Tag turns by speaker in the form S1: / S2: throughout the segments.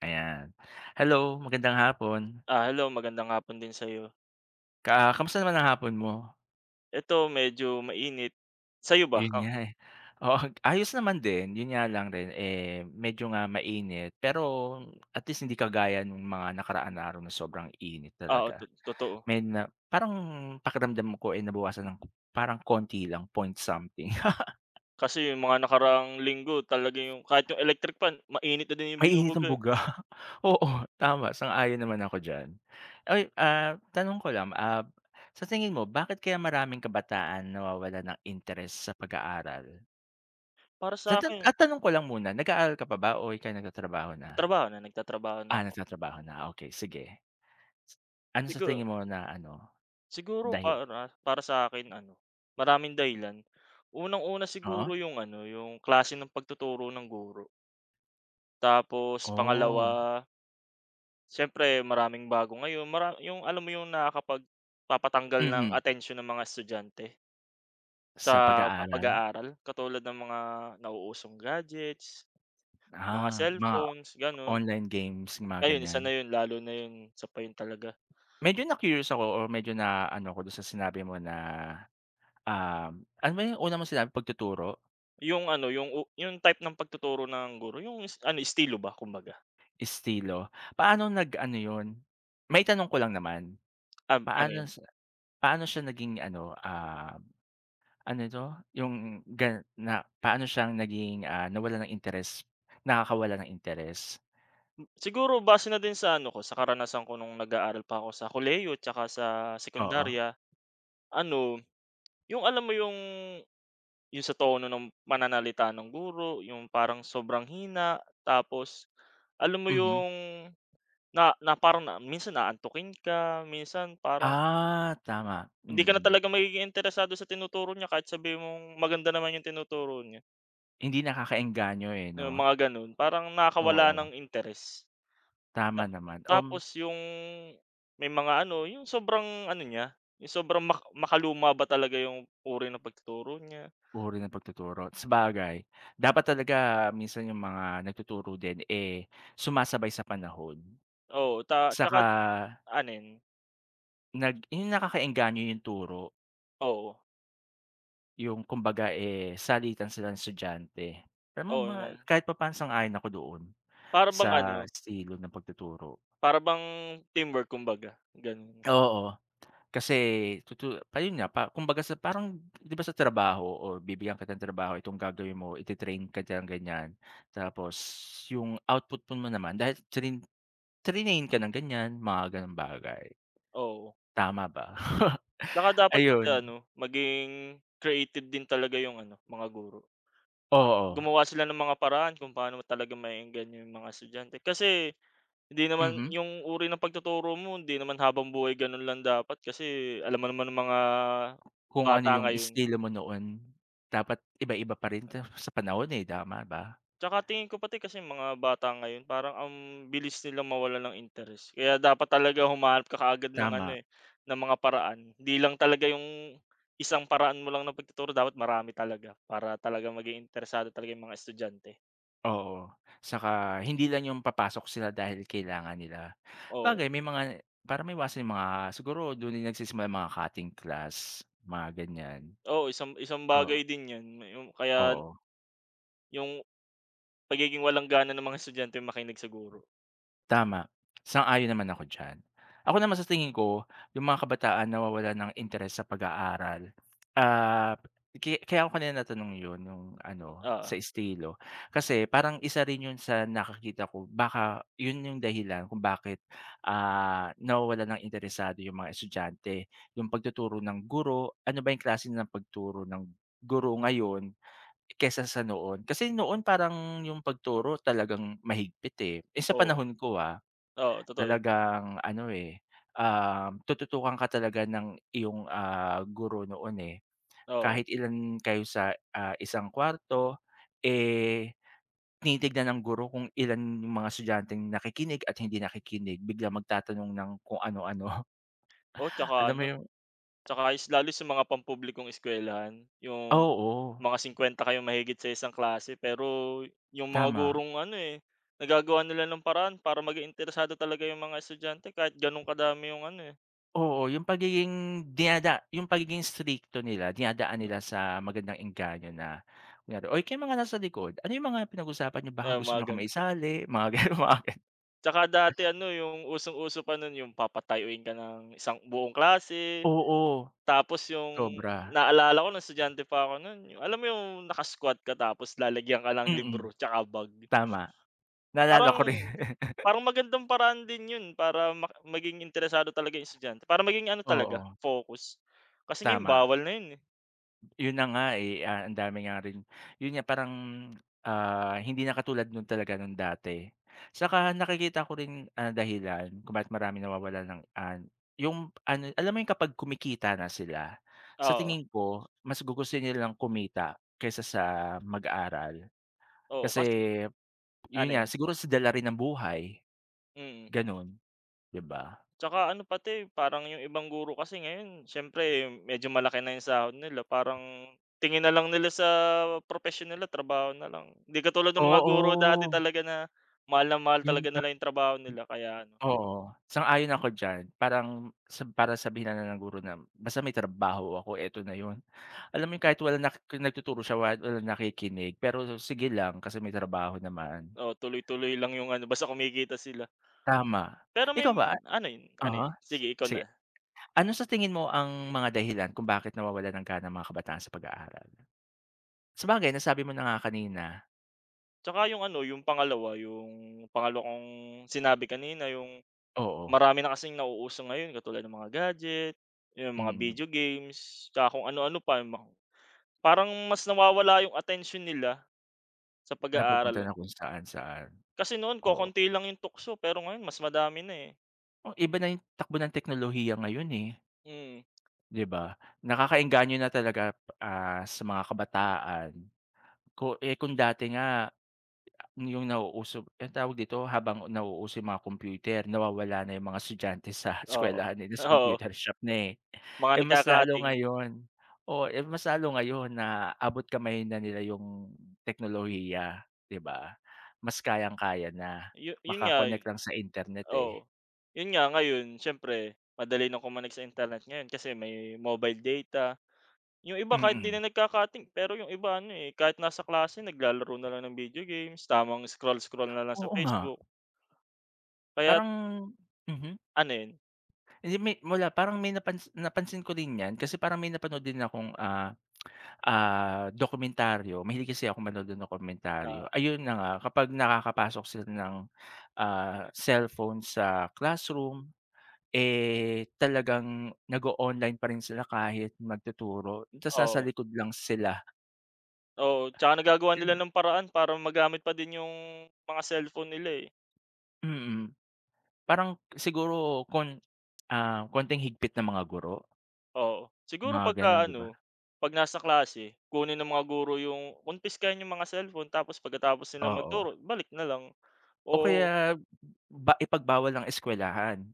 S1: Ayan. Hello, magandang hapon.
S2: Ah, hello. Magandang hapon din sa'yo.
S1: Ka kamusta naman ang hapon mo?
S2: Eto medyo mainit. Sa'yo ba,
S1: Ayun
S2: oh?
S1: nga, eh. Oo. Ayos naman din, 'yon nga lang rin eh, medyo nga mainit, pero at least hindi kagaya nung mga nakaraan na araw na sobrang init
S2: Oo,
S1: talaga.
S2: tot totoo.
S1: May na parang pakiramdam ko eh, nabawasan ng k parang konti lang, point something.
S2: Kasi yung mga nakaraang linggo, talaga yung kahit yung electric fan mainit na din yung
S1: Mainit ang
S2: binubuga eh.
S1: buga? Oo, tama, sang-ayon naman ako diyan. Ay, ah, tanong ko lang, ah, sa tingin mo bakit kaya maraming kabataan nawawalan ng interes sa pag-aaral?
S2: Para
S1: Sa tan
S2: sa'kin
S1: at tanong ko lang muna, nag-aaral ka pa ba o ika'y nagtatrabaho na?
S2: Trabaho na. Nagtatrabaho na
S1: Ah,
S2: ako.
S1: nagtatrabaho na, okey sige. Ano sa
S2: Sigu
S1: tingin mo na ano,
S2: siguro
S1: dahil
S2: para para sa akin ano, maraming dahilan. Unang-una
S1: Oo.
S2: siguro yung ano, yung klase ng pagtuturo ng guro. Tapos
S1: Oh.
S2: pangalawa siyempre maraming bago ngayon, mara yung alam mo yung nakakapagpatanggal ng
S1: Mhm.
S2: atensyon ng mga estudyante?
S1: Sa
S2: Sa pa
S1: pag-aaral?
S2: pag-aaral? Katulad ng mga nauusong gadgets, mga
S1: Ah, mga
S2: cellphones, gano'n.
S1: online games, mga
S2: Ayun, isa na
S1: ganyan?
S2: 'yon lalo na 'yon isa pa 'yon talaga.
S1: Medyo na-curious ako or medyo na-ano ako do'n sa sinabi mo na, um, ano ba yung una mong sinabi, pagtuturo?
S2: Yung ano, yung u yung type ng pagtuturo ng guro, yung es ano, estilo ba, kumbaga.
S1: Estilo. Paano nag-ano 'yon? Maitanong ko lang naman.
S2: Um, ano
S1: Paano
S2: 'yon?
S1: sa paano siya naging ano, ah, ano 'to? Yung gan na paano siyang naging, ah, nawalan ng interes nakakawala ng interes?
S2: M siguro, base na din sa ano ko, sa karanasan ko no'ng nag-aaral pa ako sa kolehiyo tsaka sa
S1: Oo.
S2: sekondarya. Ano, yung alam mo yung yung sa tono ng pananalita nung guro, yung parang sobrang hina. Tapos alam mo
S1: Mhm.
S2: yung na na parang na minsan aantukin ka, minsan parang
S1: Ah, tama,
S2: ...hindi ka na
S1: mhm.
S2: talaga magiging interesado sa tinuturo niya kahit sabihin mong maganda naman yung tinuturo niya.
S1: Hindi nakakaengganyo eh,
S2: Yung
S1: 'no?
S2: mga gan'on. Parang nakakawala ng
S1: Oo.
S2: interes. Ta
S1: Tama naman, um
S2: tapos yung may mga ano, yung sobrang ano niya, yung sobrang mak makaluma ba talaga yung uri ng pagtuturo niya.
S1: Uri ng pagtuturo, sabagay. Dapat talaga minsan yung mga nagtuturo din eh sumasabay sa panahon.
S2: Oo, ta
S1: Tsaka
S2: tsaka't ano 'yon?
S1: nag yung nakakaengganyo yung turo.
S2: Oo.
S1: Yung kumbaga eh salitan sila ng estudyante. Pero mal
S2: Oo. [unintelligible]
S1: kahit papa'no sang-ayon ako doon
S2: Para bang
S1: sa
S2: ano
S1: estilo ng pagtuturo.
S2: para bang teamwork kumbaga, gano'n.
S1: Oo, kasi tutu ayun nga, pa kumbaga sa parang 'di ba sa trabaho, o bibigyan kita ng trabaho, itong gagawin mo. Iti-train ka diyan, ganyan tapos yung output pun mo naman dahil trin trinain ka ng ganyan, mga gano'ng bagay.
S2: Oo.
S1: Tama ba?
S2: Tsaka dapat pati
S1: Ayun.
S2: ano, maging creative din talaga yung ano, mga guro. Ah
S1: Oo.
S2: gumawa sila ng mga paraan kung paano talaga maeengganyo yung mga estudyante kasi hindi naman
S1: Mhm.
S2: yung uri ng pagtuturo mo hindi naman habang buhay gano'n lang dapat kasi alam mo naman ang mga
S1: Kung ano
S2: bata
S1: yung
S2: ngayon.
S1: estilo mo noon, dapat iba-iba pa rin ta sa panahon eh, tama ba?
S2: Tsaka tingin ko pati kasi mga bata ngayon parang ang bilis nilang mawalan ng interes kaya dapat talaga humahanap ka kaagad ng ano
S1: Tama.
S2: eh, ng mga paraan. 'Di lang talaga yung isang paraan mo lang ng pagtuturo, dapat marami talaga para talaga maging interesado talaga yung mga estudyante.
S1: Oo, 'tsaka hindi lang yung papasok sila dahil kailangan nila.
S2: Oo.
S1: 'Bagay may mga para ma-iwasan yung mga siguro dun na nag-sisimula yung mga cutting class, mga ganyan.
S2: Oo, isang isang
S1: Oo.
S2: bagay din yan, yung kaya
S1: Oo.
S2: Yung, pagiging walang gana ng mga estudyanteng makinig sa guro.
S1: Tama, sang-ayon naman ako diyan. Ako naman sa tingin ko, yung mga kabataan nawa-walan ng interes sa pag-aaral, ah, ki kaya ako kanina na-tanong yun yung ano,
S2: Oo.
S1: sa estilo. Kasi parang isa rin yun sa nakikita ko, baka yun yung dahilan kung bakit, ah, nawa-walan ng interesado yung mga estudyante, yung pag-tuturo ng guro, ano ba yung klase ng pag-turo ng guro ngayon, kesa sa noon. Kasi noon parang yung pag-turo talagang mahigpit eh, eh, sa
S2: Oo.
S1: panahon ko, ah,
S2: Oo, totoo yun.
S1: talagang ano eh, ah, tutu-tukan ka talaga ng iyong, ah, guro noon eh,
S2: Oo.
S1: kahit ilan kayo sa, ah, isang kuwarto eh, tini-tignan ng guro kung ilan yung mga estudyanteng nakikinig at hindi nakikinig, biglang mag-tatanong ng kung ano-ano.
S2: O 'tsaka
S1: Alam mo
S2: ano,
S1: yung
S2: 'tsaka s lalo sa mga pampublikong eskuwelahan, yung
S1: Oo.
S2: mga 50 kayong mahigit sa isang klase pero, yung mga
S1: Tama.
S2: gurong ano eh, naga-gawa nila ng paraan para mag-interesado talaga yung mga estudyante kahit ganun kadami yung ano, eh.
S1: Oo, yung pagiging dinada yung pagiging stricto nila, dinadaan
S2: Na.
S1: nila sa magandang engganyo na kunwari "Oy! kayong mga nasa likod, ano yung mga pinag-usapan niyo baka
S2: Ay,
S1: gusto
S2: mga
S1: niyo kaming
S2: ganun.
S1: isali" mga ganun.
S2: At saka dati ano, yung usong-uso pa nun yung papatayuin ka ng isang buong klase
S1: Oo,
S2: tapos yung
S1: sobra.
S2: naalala ko ng estudyante pa ako nun, yung alam mo yung naka-squat ka tapos lalagyan ka ng
S1: Mm,
S2: libro tsaka bag.
S1: tama naalala
S2: Parang
S1: ko rin.
S2: parang magandang paraan din yun, para maging interesado talaga yung estudyante para maging ano, talaga
S1: Oo.
S2: focus kasi ngayon
S1: Tama.
S2: bawal na yun, eh.
S1: Ayun na nga eh. Ang dami nga rin yun nga parang, ah, hindi na katulad nung talaga nung dati at saka nakikita ko rin ang dahilan kung bakit maraming nawawalan ng ano yung ano alam mo yung kapag kumikita na sila, sa
S2: Oo.
S1: tingin ko mas gugustuhin nilang kumita kaysa sa mag-aral
S2: Oo
S1: kasi
S2: kasi
S1: yun
S2: ano
S1: nga
S2: yun?
S1: siguro sa dala rin ng buhay,
S2: Mm.
S1: ganun diba?
S2: At saka, ano pati parang yung ibang guro kasi ngayon siyempre medyo malaki na yung sahod nila parang tingin nalang nila sa propesyon nila trabaho nalang hindi katulad ng mga guro dati
S1: Oo.
S2: talaga na mahal na mahal
S1: Ayun
S2: talaga
S1: nga.
S2: nalang yung trabaho nila kaya ano
S1: Oo, sang-ayon ako diyan parang sa para sabihin na ng guro na basta may trabaho ako eto na yun, alam mo yung
S2: Hmm.
S1: kahit wala na nagtuturo siya wala walang nakikinig pero sige lang kasi may trabaho naman.
S2: Oo, tuloy tuloy lang yung ano basta kumikita sila.
S1: Tama
S2: Pero may
S1: ikaw ba ah,
S2: ano yun, ano
S1: uh-huh.
S2: sige ikaw
S1: Si
S2: na.
S1: ano sa tingin mo ang mga dahilan kung bakit nawawalan ka ng mga kabataan sa pag aaral? Sabagay nasabi mo na nga kanina.
S2: Tsaka yung ano, yung pangalawa. Yung pangalawa kong sinabi kanina. Yung
S1: Oo.
S2: marami na kasing nauuso ngayon katulad ng mga gadget, yung mga
S1: Mhm.
S2: video games, tsaka kung ano-ano pa, yung ma parang mas nawawala yung atensyon nila sa pag
S1: Napupunta
S2: aaral.
S1: na kung saan-saan.
S2: Kasi noon
S1: Oo.
S2: kokonti lang yung tukso pero ngayon mas madami na eh.
S1: O iba na yung takbo ng teknolohiya ngayon, eh.
S2: Mhm.
S1: 'Di ba? Nakakaengganyo na talaga ah sa mga kabataan. Ko eh, kung dati nga yung nauuso ang tawag dito? Habang nauuso yung mga computer, nawawala na yung mga estudyante sa
S2: Oo,
S1: eskuwelahan nila, sa
S2: Oo.
S1: computer shop na eh
S2: Mga
S1: Eh mas lalo
S2: nagka-cutting.
S1: ngayon. Oh eh mas lalo ngayon na abot-kamay na nila yung teknolohiya, 'di ba? Mas kayang-kaya na.
S2: Yu yun
S1: Maka-connect
S2: nga'y
S1: lang sa internet eh.
S2: Oo. Yun nga ngayon, siyempre madali na kumonek sa internet ngayon kasi may mobile data. Yung iba kahit di
S1: Mhm.
S2: na nagka-cutting, pero yung iba ano eh, kahit nasa klase naglalaro na lang ng video games. Tamang scroll-scroll na lang sa
S1: Oo nga.
S2: Facebook. Kaya't
S1: Parang mhm.
S2: Ano 'yon?
S1: Hindi, may mula parang may napansi napansin ko din 'yan kasi parang may napanood din akong ah, ah dokumentaryo. Mahilig kasi akong manood ng dokumentaryo.
S2: Ah.
S1: Ayun na nga, kapag nakakapasok sila ng, ah, cellphone sa classroom, eh, talagang nag-o-online pa rin sila kahit magtuturo ta's nasa
S2: Oo.
S1: likod lang sila.
S2: Oo, 'tsaka nagagawa nila
S1: Ganu'n.
S2: ng paraan para magamit pa din yung mga cellphone nila, eh.
S1: Mm, parang, siguro, kon ah, konting higpit ng mga guro.
S2: Oo, siguro
S1: Mga ganon,
S2: 'pagka,
S1: 'di ba?
S2: ano, 'pag nasa klase, kunin ng mga guro yung kumpiskahin yung mga cellphone, tapos pagkatapos nilang
S1: Oo.
S2: magturo, balik na lang
S1: O
S2: oo.
S1: kaya, ba ipagbawal ng eskuwelahan.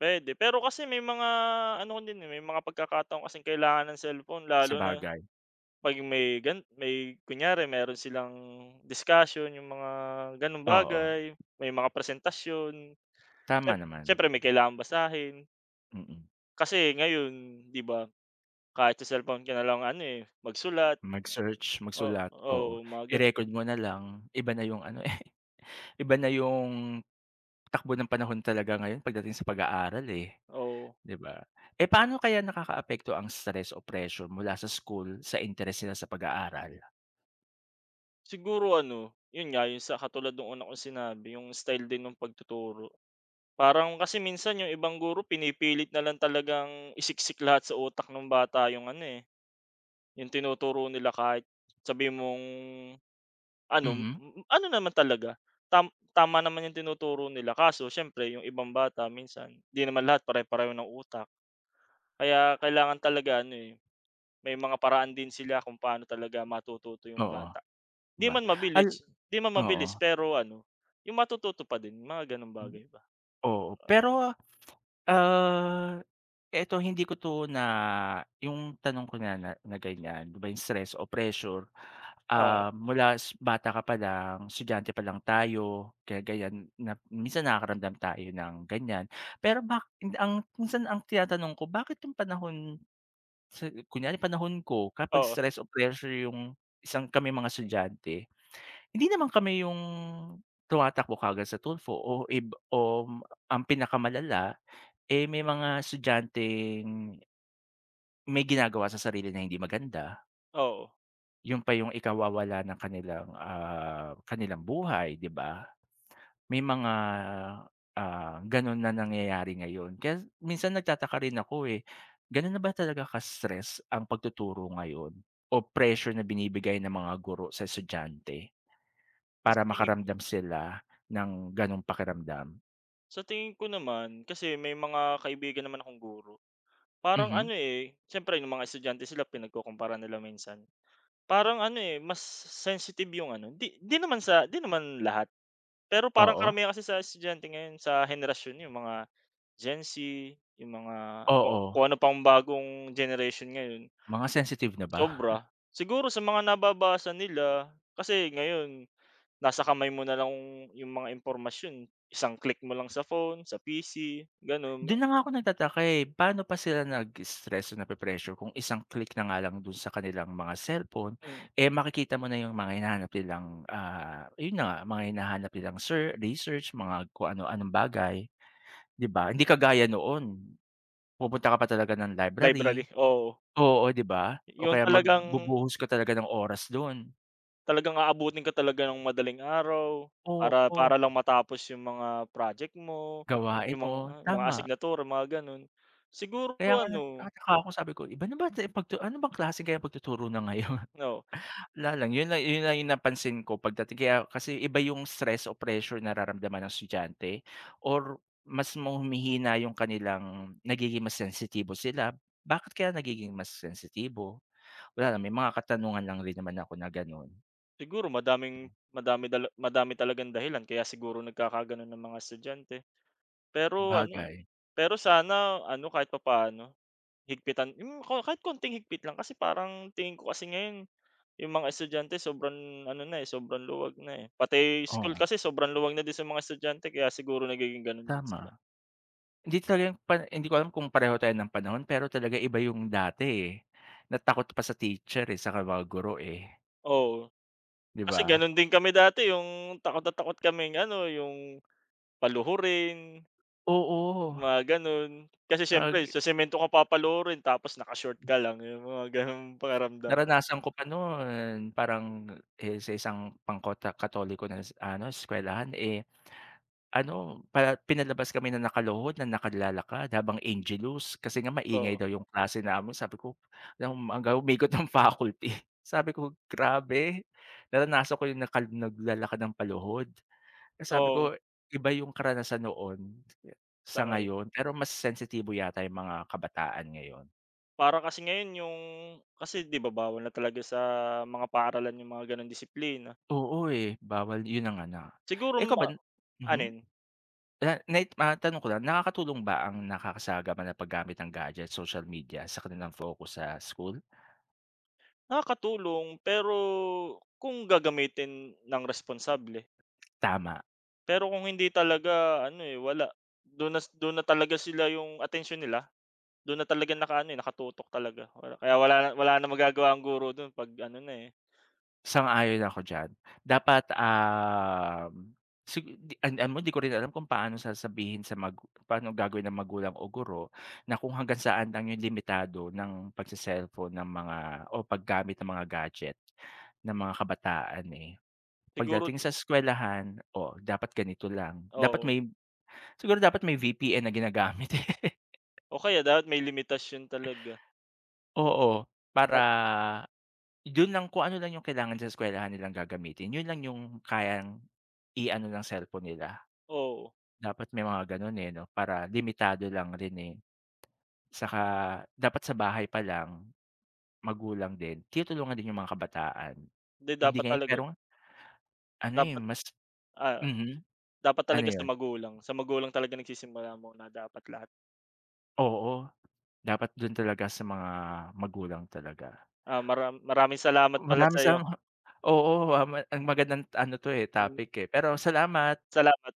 S2: Puwede, pero kasi may mga, ano, din, eh, may mga pagkakataon kasing kailangan ng cellphone, lalo na
S1: Sabagay.
S2: pag may gan may kunyari meron silang discussion yung mga ganong
S1: Oo.
S2: bagay, may mga presentasyon.
S1: Tama
S2: Siyem
S1: naman.
S2: siyempre may kailangang basahin.
S1: Mm.
S2: Kasi ngayon, 'di ba, kahit sa cellphone ka na lang, ano, eh, magsulat.
S1: Mag-search,
S2: Oo,
S1: magsulat
S2: oo,
S1: oo,
S2: mga ganu'n.
S1: i-record mo na lang, iba na yung, ano, eh, iba na yung takbo ng panahon talaga ngayon pagdating sa pag-aaral, eh,
S2: Oo.
S1: 'di ba, eh, paano kaya nakakaapekto ang stress o pressure mula sa school, sa interest nila sa pag-aaral.
S2: Siguro ano, yun nga yun sa katulad nung una kong sinabi yung style din nung pag-tuturo, parang kasi minsan yung ibang guro pini-pilit nalang talagang isik-sik lahat sa utak nung bata yung ano, eh, yung tinuturo nila kahit sabihin mong ano
S1: Mm.
S2: ano naman talaga tam tama naman yung tinuturo nila, kaso siyempre yung ibang bata minsan di naman lahat pare-pareho ng utak. Kaya kailangan talaga ano, eh, may mga paraan din sila kung paano talaga matututo yung
S1: Oo,
S2: bata,
S1: di
S2: di
S1: ba.
S2: man
S1: Ay
S2: mabilis di man
S1: oo.
S2: mabilis pero ano yung matututo pa din mga ganong
S1: Mm.
S2: bagay ba,
S1: Oo,
S2: oh.
S1: pero, ah, eto hindi ko to na yung tanong ko na na na ganyan, di ba yung stress o pressure,
S2: Oo.
S1: ah, mula s bata ka palang estudyante pa lang tayo kaya ganyan na minsan nakaka-ramdam tayo ng ganyan, pero ba ang minsan ang tina-tanong ko bakit yung panahon sa kunyari panahon ko kapag
S2: Oo.
S1: stress o pressure yung isang kaming mga estudyante, hindi naman kami yung tuma-takbo kaagad sa Tulfo o ib om ang pinaka-malala, eh, may mga estudyanteng may gina-gawa sa sarili na hindi maganda.
S2: Oo.
S1: Yun pa yung ikawawala ng kanilang, ah, kanilang buhay, di ba? May mga, ah, ganun na nangyayari ngayon. Kaya minsan nagtataka rin ako eh, gano'n na ba talaga ka-stress ang pagtuturo ngayon o pressure na binibigay ng mga guro sa estudyante, para
S2: Sa tingin ko
S1: makaramdam sila ng gano'ng pakiramdam?
S2: Sa tingin ko naman, kasi may mga kaibigan naman akong guro. Parang ano
S1: Mhm?
S2: eh, siyempre yung mga estudyante sila pinagkukumpara nila minsan. Parang ano eh, mas sensitive yung ano di di naman sa di naman lahat, pero parang
S1: Oo
S2: karamihan kasi sa estudyante ngayon, sa henerasyon, yung mga Gen Z, yung mga ku
S1: Oo.
S2: kung ano pang bagong generation ngayon.
S1: Mga sensitive na ba?
S2: Sobra, siguro sa mga nababasa nila. Kasi ngayon, nasa kamay mo nalang yung mga impormasyon, isang click mo lang sa phone, sa PC, gano'n.
S1: Dun na nga ako nagtataka eh, pano pa sila nag-stress o napre-pressure kung isang click na nga lang dun sa kanilang mga cellphone,
S2: Hmm.
S1: eh, makikita mo na yung mga hinahanap nilang, ah, yun na nga, mga hinahanap nilang ser research, mga kung ano-anong bagay, di ba? Hindi kagaya noon, pupunta ka pa talaga ng
S2: Library,
S1: library.
S2: oo.
S1: Oo, di ba? O
S2: Yung
S1: kaya
S2: talagang
S1: magbubuhos ka talaga ng oras dun.
S2: Talagang aabutin ka talaga ng madaling araw para
S1: Oo.
S2: para lang matapos yung mga project mo,
S1: Gawain
S2: yung mga
S1: mo,
S2: mga
S1: tama.
S2: asignatura mga, gano'n, siguro,
S1: Kaya nga,
S2: ano
S1: nagtataka ako, sabi ko, iba na ba tu pagtu ano bang klase kaya pagtuturo na ngayon,
S2: Oh.
S1: wala lang, yun na yun na yung napansin ko pagdating kaya kasi iba yung stress o pressure na nararamdaman ng estudyante or mas ma humihina yung kanilang nagiging mas sensitibo sila. Bakit kaya nagiging mas sensitibo, wala naman, may mga katanungan lang rin naman ako na, gano'n.
S2: Siguro madaming madami da madami talagang dahilan kaya siguro nagkakagano'n ang mga estudyante. Pero ano
S1: Bagay.
S2: pero sana, ano, kahit papaano higpitan, yung ko kahit konting higpit lang, kasi parang tingin ko kasi ngayon, yung mga estudyante sobrang, ano na, sobrang luwag na, eh, pati school
S1: Oo.
S2: kasi sobrang luwag na din sa mga estudyante kaya siguro nagiging ganun din sila.
S1: Tama, hindi talaga pa hindi ko alam kung pareho tayo ng panahon pero talaga iba yung dati, eh, na takot pa sa teacher, eh, saka mga guro, eh.
S2: Oo,
S1: 'Di
S2: kasi
S1: ba?
S2: ganun din kami dati, yung takot na takot kaming, ano yung, paluhurin
S1: Oo.
S2: mga ganun, kasi
S1: Ah,
S2: syempre
S1: g
S2: sa semento ka papaluhirin, tapos naka-short ka lang, yung mga gano'ng pakiramdam.
S1: Naranasan ko pa noon, parang, eh, sa isang pangkota Katoliko na, ano, eskuwelahan ,eh, ano, pa pinalabas kami ng nakaluhod na nakad lalakad habang Angelus kasi nga
S2: Oo.
S1: maingay daw yung klase namin, sabi ko, lang hanggang umikot ng faculty, sabi ko, "Grabe, naranasan ko yung nakal naglalakad ng paluhod." Kasi sabi
S2: Oo.
S1: ko, "Iba yung karanasan noon,
S2: Sa
S1: sa
S2: ngayon.
S1: ngayon." Pero mas sensitibo yata yung mga kabataan ngayon.
S2: Para kasi ngayon yung kasi, 'di ba, bawal na talaga sa mga paaralan yung mga gano'ng disiplina.
S1: Oo, eh, bawal yun na nga, na
S2: Siguro,
S1: ikaw ba,
S2: ma
S1: hmm.
S2: alin?
S1: Na na matanong ko lang nakakatulong ba ang nakakasagap na paggamit ng gadget, social media sa kanilang focus sa school.
S2: Nakakatulong, pero kung gagamitin ng responsable.
S1: Tama.
S2: Pero kung hindi talaga ano, eh, wala. Dun na dun na talaga sila yung atensyon nila dun na talaga nakaano, eh, nakatutok talaga kaya wala wala ng magagawa ang guro dun pag ano na, eh.
S1: Sang-ayon ako diyan. Dapat, ah, sig di ano mo di ko rin alam kung paano sasabihin sa magu paano ang gagawin ng magulang o guro na kung hanggang saan lang yung limitado ng pagse-cellphone ng mga o paggamit ng mga gadget ng mga kabataan, eh.
S2: Siguro
S1: Pagdating sa eskuwelahan, "Oh dapat ganito lang, dapat
S2: Oo.
S1: may" siguro dapat may VPN na ginagamit, eh.
S2: O kaya dapat may limitasyon talaga.
S1: Oo, para
S2: Pag
S1: yun lang kung ano lang yung kailangan sa eskwelahan nilang gagamitin yun lang yung kayang i-ano ng cellphone nila.
S2: Oo.
S1: Dapat may mga ganun, eh, 'no, para limitado lang rin, eh. 'Tsaka dapat sa bahay pa lang, magulang din, tinulungan din yung mga kabataan,
S2: Hindi
S1: hindi
S2: dapat
S1: ngayon,
S2: talaga
S1: pero ano, eh,
S2: Dapat,
S1: mas
S2: ah,
S1: mhm.
S2: dapat
S1: Ano
S2: talaga sa
S1: yun?
S2: magulang. Sa magulang talaga nagsisimula muna dapat lahat.
S1: Oo, dapat dun talaga sa mga magulang talaga.
S2: Ah, maram maraming salamat pala
S1: Maraming
S2: sa'yo.
S1: salam oo, ah, ma magandang ano 'to, eh,
S2: Mm.
S1: topic, eh, pero salamat.
S2: Salamat.